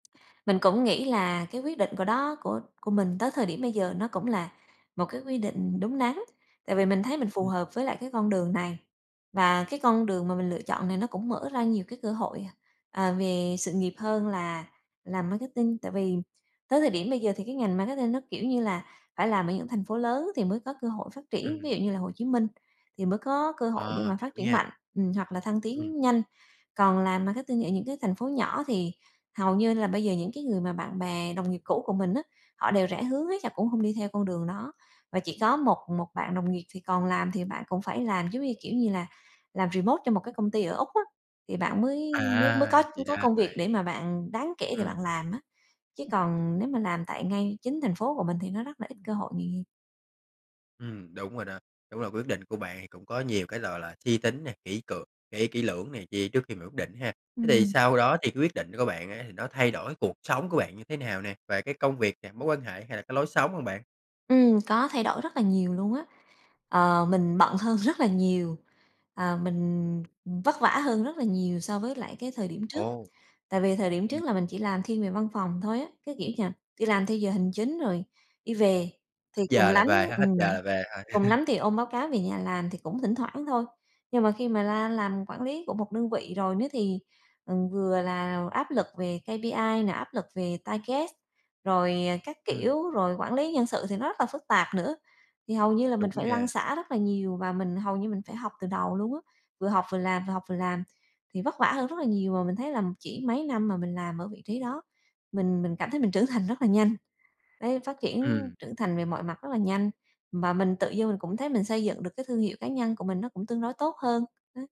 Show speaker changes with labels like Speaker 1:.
Speaker 1: Mình cũng nghĩ là cái quyết định của đó của của mình tới thời điểm bây giờ nó cũng là một cái quy định đúng đắn. Tại vì mình thấy mình phù
Speaker 2: Ừm.
Speaker 1: hợp với lại cái con đường này và cái con đường mà mình lựa chọn này nó cũng mở ra nhiều cái cơ hội, à, à, về sự nghiệp hơn là làm marketing. Tại vì tới thời điểm bây giờ thì cái ngành marketing nó, kiểu như, là phải làm ở những thành phố lớn, thì mới có cơ hội phát triển, ví
Speaker 2: Ừm.
Speaker 1: dụ như là Hồ Chí Minh thì mới có cơ hội để
Speaker 2: À,
Speaker 1: mà
Speaker 2: hiểu
Speaker 1: phát triển
Speaker 2: nha.
Speaker 1: mạnh, ừm, hoặc là thăng
Speaker 2: Ừm.
Speaker 1: tiến nhanh. Còn làm marketing ở những cái thành phố nhỏ thì hầu như là bây giờ những cái người mà bạn bè đồng nghiệp cũ của mình á, họ đều rẽ hướng hết là cũng hông đi theo con đường đó, và chỉ có một một bạn đồng nghiệp thì còn làm, thì bạn cũng phải làm giống như, kiểu, như là làm remote cho một cái công ty ở Úc á, thì bạn mới mới mới có
Speaker 2: À, thì ra
Speaker 1: có
Speaker 2: là
Speaker 1: công việc
Speaker 2: vậy.
Speaker 1: để mà bạn đáng kể để
Speaker 2: Ừm.
Speaker 1: bạn làm á, chứ còn nếu mà làm tại ngay chính thành phố của mình thì nó rất là ít cơ hội nghề nghiệp.
Speaker 2: Ừm, đúng rồi đó, đúng là quyết định của bạn thì cũng có nhiều cái, gọi là, là suy tính nè, kỹ cược kỹ kỹ lưỡng này kia trước khi mà quyết định ha. Thế thì
Speaker 1: Ừm.
Speaker 2: sau đó thì cái quyết định của bạn á thì nó thay đổi cuộc sống của bạn như thế nào nè? Về cái công việc nè, mối quan hệ hay là cái lối sống hông bạn?
Speaker 1: Ừm, có thay đổi rất là nhiều luôn á. Ờ, mình bận hơn rất là nhiều, ờ, mình, ừm, vất vả hơn rất là nhiều so với lại cái thời điểm trước.
Speaker 2: Ồ.
Speaker 1: Tại vì thời điểm
Speaker 2: Ừm.
Speaker 1: trước là mình chỉ làm thiên về văn phòng thôi á, cái, kiểu như là, đi làm theo giờ hành chính rồi đi về, thì
Speaker 2: Hết
Speaker 1: cùng
Speaker 2: giờ là
Speaker 1: lắm
Speaker 2: về ha, hết
Speaker 1: ừm,
Speaker 2: giờ là về
Speaker 1: cùng
Speaker 2: thôi.
Speaker 1: lắm thì ôm báo cáo về nhà làm thì cũng thỉnh thoảng thôi. Nhưng mà khi mà la làm quản lý của một đơn vị rồi đó thì, ừm, vừa là áp lực về KPI nè, áp lực về target, rồi, à, các
Speaker 2: Ừm.
Speaker 1: kiểu, rồi quản lý nhân sự thì nó rất là phức tạp nữa. Thì hầu như là
Speaker 2: Đúng
Speaker 1: mình phải lăn
Speaker 2: nha!
Speaker 1: xả rất là nhiều và mình hầu như mình phải học từ đầu luôn á, vừa học vừa làm, vừa học vừa làm, thì vất vả hơn rất là nhiều. Mà mình thấy là chỉ mấy năm mà mình làm ở vị trí đó, mình mình cảm thấy mình trưởng thành rất là nhanh. Đấy phát triển
Speaker 2: Ừm.
Speaker 1: trưởng thành về mọi mặt rất là nhanh và mình tự dưng mình cũng thấy mình xây dựng được cái thương hiệu cá nhân của mình nó cũng tương đối tốt hơn, á.